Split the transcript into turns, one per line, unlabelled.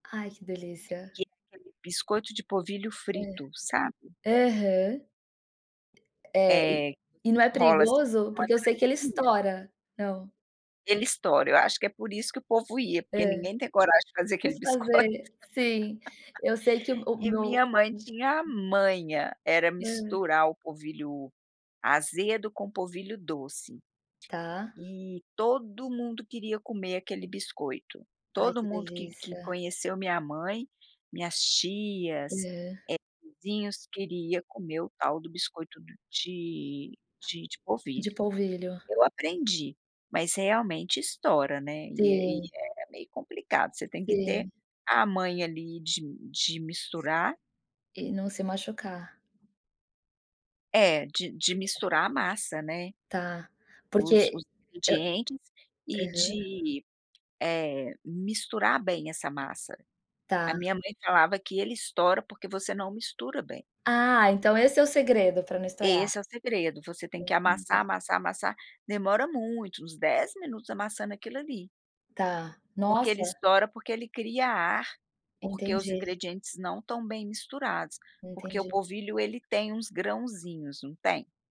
Ai, que delícia.
Que é aquele biscoito de polvilho
Hã.
frito, sabe?
Aham. É. E
Eh, que
e
você
não é
enrola, assim,
perigoso?
tipo, uma
Porque eu sei que ele
trancinha.
estoura. Não.
Ele estoura. Eu acho que, é por isso que o povo ia. Porque
Hã.
ninguém tem coragem de fazer aquele
Vamos
biscoito.
fazer. Sim. Eu sei que o o
E
meu
minha mãe tinha a manha. Era
Hã.
misturar o polvilho azedo com polvilho doce.
Tá.
E, todo mundo queria comer aquele biscoito.
Ai,
Todo
que
mundo que que
delícia.
conheceu minha mãe, minhas tias,
Hã.
eh, vizinhos, queria comer o tal do biscoito de de de polvilho.
De polvilho.
Eu aprendi. Mas, realmente, estoura, né, e aí,
Sim.
é meio complicado. Você tem que ter
Sim.
a manha, ali, de de misturar.
E, não se machucar.
É. De de
[unintelligible]
misturar a massa, né.
Tá.
Os
Porque
os
hã,
ingredientes. E
aham.
de, eh, misturar bem essa massa. A
Tá.
minha mãe falava que ele estoura, porque você não mistura bem.
Ah. Então, esse é o segredo pra não estourar?
Esse é o segredo. Você tem que amassar,
Entendi.
amassar, amassar. Demora muito, uns 10 minutos amassando aquilo ali.
Tá.
Porque ele
Nossa!
estoura, porque ele cria ar. Porque os
Entendi.
ingredientes não estão bem misturados. Porque o
Entendi.
polvilho ele tem uns grãozinhos, não tem?